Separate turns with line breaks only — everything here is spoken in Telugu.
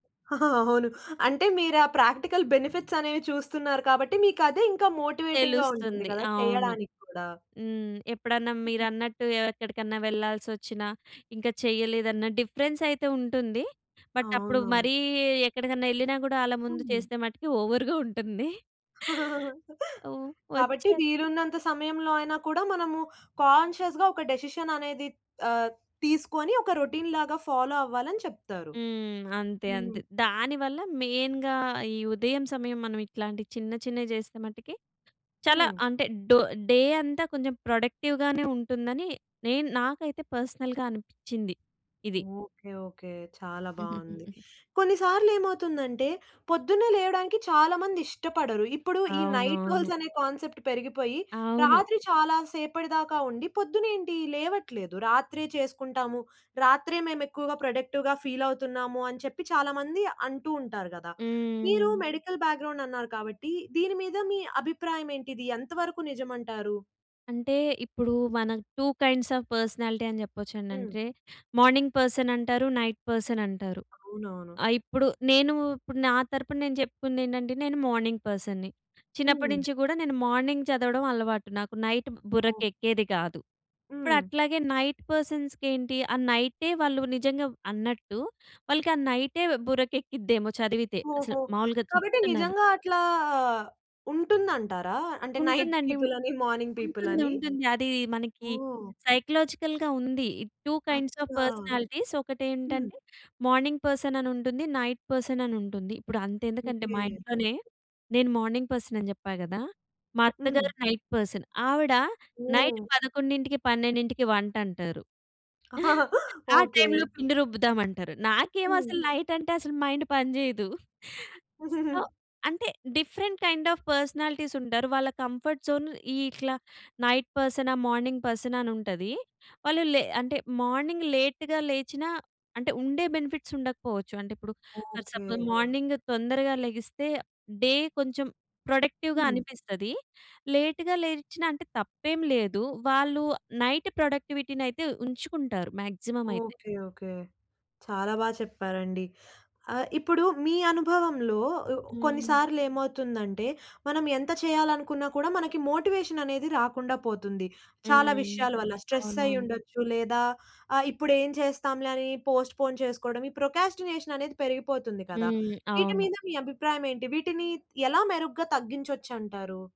అవును. అంటే మీరు ఆ ప్రాక్టికల్ బెనిఫిట్స్ అనేవి చూస్తున్నారు కాబట్టి మీకదే ఇంకా మోటివేటింగ్‌గా ఉంటుంది
తెలుస్తుంది.
కదా!
అవును.
చేయడానికి కూడా.
హ్మ్. ఎప్పుడన్నా
హుహు.
మీరన్నట్టు ఎక్కడికన్నా వెళ్ళాల్సి వచ్చిన ఇంకా చేయలేదన్న డిఫరెన్స్ అయితే ఉంటుంది. బట్ అప్పుడు
అవునవును.
మరి ఎక్కడికన్నా యెళ్ళినా కూడా ఆళ్ళ ముందు
హ్మ్.
చేసే మట్టికి ఓవ‌ర్‌గా ఉంటుంది. అవు
కాబట్టి
వచ్చే
వీలున్నంత సమయంలో అయినా కూడా మనము కాన్షియస్‌గా ఒక డెసిషన్ అనేది ఆహ్, తీసుకొని ఒక రొటీన్‌లాగా ఫాలో అవ్వాలి అని చెప్తారు.
హ్మ్. అంతే, అంతే.
హ్మ్.
దానివల్ల మెయిన్‌గా ఈ ఉదయం సమయం మనం ఇట్లాంటియి చిన్న చిన్నవి చేస్తే మటికి చాలా
హ్మ్.
అంటే డో డే అంతా కొంచెం ప్రొడక్టివ్‌గానే ఉంటుందని నేను నాకైతే పర్సనల్‌గా అనిపిచ్చింది ఇది.
ఓకే. ఓకే. చాలా బావుంది.
హుహుహుహు.
కొన్ని సార్లు ఏమవుతుందంటే, పొద్దున్నే లేవడానికి చాలా మంది ఇష్టపడరు. ఇప్పుడు ఈ నైట్
అవునవును.
హోల్డ్స్ అనే కాన్సెప్ట్ పెరిగిపోయి,
అవును.
రాత్రి చాలా సేపటి దాకా ఉండి పొద్దున్న ఏంటి లేవట్లేదు. రాత్రే చేసుకుంటాము. రాత్రే మేము ఎక్కువగా ప్రొడక్టివ్‌గా ఫీల్ అవుతున్నాము అని చెప్పి చాలా మంది అంటూ ఉంటారు కదా! మీరు
హ్మ్.
మెడికల్ బ్యాక్‌గ్రౌండ్ అన్నారు కాబట్టి దీని మీద మీ అభిప్రాయం ఏంటి? ఇది ఎంతవరకు నిజమంటారు?
అంటే ఇప్పుడు మన టూ కైండ్స్ ఆఫ్ పర్సనాలిటీ అని చెప్పొచ్చండి.
హ్మ్.
అంటే మార్నింగ్ పర్సన్ అంటారు. నైట్ పర్సన్ అంటారు.
అవునవును.
ఆహ్, ఇప్పుడు నేను ఇప్పుడు నా తరపున నేను చెప్పుకుంది ఏంటంటే నేను మార్నింగ్ పర్సన్‌ని చిన్నప్పటి
హ్మ్.
నుంచి కూడా నేను మార్నింగ్ చదవడం అలవాటు నాకు నైట్
ఓహ్!
బుర్రకెక్కేది కాదు. ఇప్పుడు
హ్మ్.
అట్లాగే నైట్ పర్సన్స్‌కి ఏంటి ఆ నైటే వాళ్ళు నిజంగా అన్నట్టు వాళ్ళకి ఆ నైటే బుర్రకు ఎక్కిద్దేమో చదివితే అసలు
ఓహో!
మావూలుగా
కాబట్టి
చెప్తున్నాను.
నిజంగా అట్లా ఉంటుందంటారా? అంటే నైట్
ఉంటుందండి. ఉం
పీపుల్ అని, మార్నింగ్ పీపుల్
ఉంటుంది.
అని.
ఉంటుంది. అది మనకి
ఓహ్!
సైకలాజికల్‌గా ఉంది, టూ కైండ్స్ ఆఫ్
అచ్చా!
పర్సనాలిటీస్
హ్మ్.
ఒకటేంటంటే మార్నింగ్ పర్సన్ అనుంటుంది, నైట్ పర్సన్ అనుంటుంది. ఇప్పుడు అంత ఎందుకంటే
ఓకే.
మా ఇంట్లోనే నేను మార్నింగ్ పర్సన్ అని చెప్పా కదా! మా అత్తగారు
హ్మ్.
Night person. ఆవిడ నైట్
ఓహ్!
11కి, 12కి వంటంటారు. ఆ
ఓకే.
టైంలో పిండి రుబ్బుదామంటారు. నాకేమో
హ్మ్.
అసలు నైట్ అంటే అసలు మైండ్ పని చేయదు. సో అంటే డిఫరెంట్ కైండ్ ఆఫ్ పర్సనాలిటీస్ ఉంటారు. వాళ్ళ కంఫర్ట్ జోన్ ఇట్లా నైట్ పర్సనా? మార్నింగ్ పర్సనా? అని ఉంటది. వాళ్ళు లే అంటే మార్నింగ్ లేట్‌గా లేచినా అంటే ఉండే బెనిఫిట్స్ ఉండకపోవచ్చు. అంటే ఇప్పుడు ఫర్
ఓకే.
సపోజ్ మార్నింగ్ తొందరగా లెగిస్తే డే కొంచెం ప్రొడక్టివ్‌గా
హ్మ్.
అనిపిస్తది. లేట్‌గా లేచినా అంటే తప్పేం లేదు. వాళ్ళు నైట్ ప్రొడక్టివిటీనయితే ఉంచుకుంటారు మాక్సిమం అయితే.
ఓకే. ఓకే. చాలా బా చెప్పారండి. ఆహ్, ఇప్పుడు మీ అనుభవంలో ఉ కొన్ని
హ్మ్.
సార్లు ఏమవుతుందంటే, మనం ఎంత చేయాలనుకున్నా కూడా మనకి మోటివేషన్ అనేది రాకుండా పోతుంది. చాలా
హ్మ్.
విషయాల వల్ల స్ట్రెస్ అయ్యి
అవునవును.
ఉండొచ్చు, లేదా ఆ! ఇప్పుడు ఏం చేస్తాంలే? అని పొస్ట్‌ఫోన్ చేసుకోవడం ఈ ప్రోకాస్టినేషన్ అనేది పెరిగిపోతుంది కదా!
హ్మ్.
వీటి
అవును.
మీద మీ అభిప్రాయం ఏంటి? వీటిని ఎలా మెరుగ్గా తగ్గించొచ్చంటారు?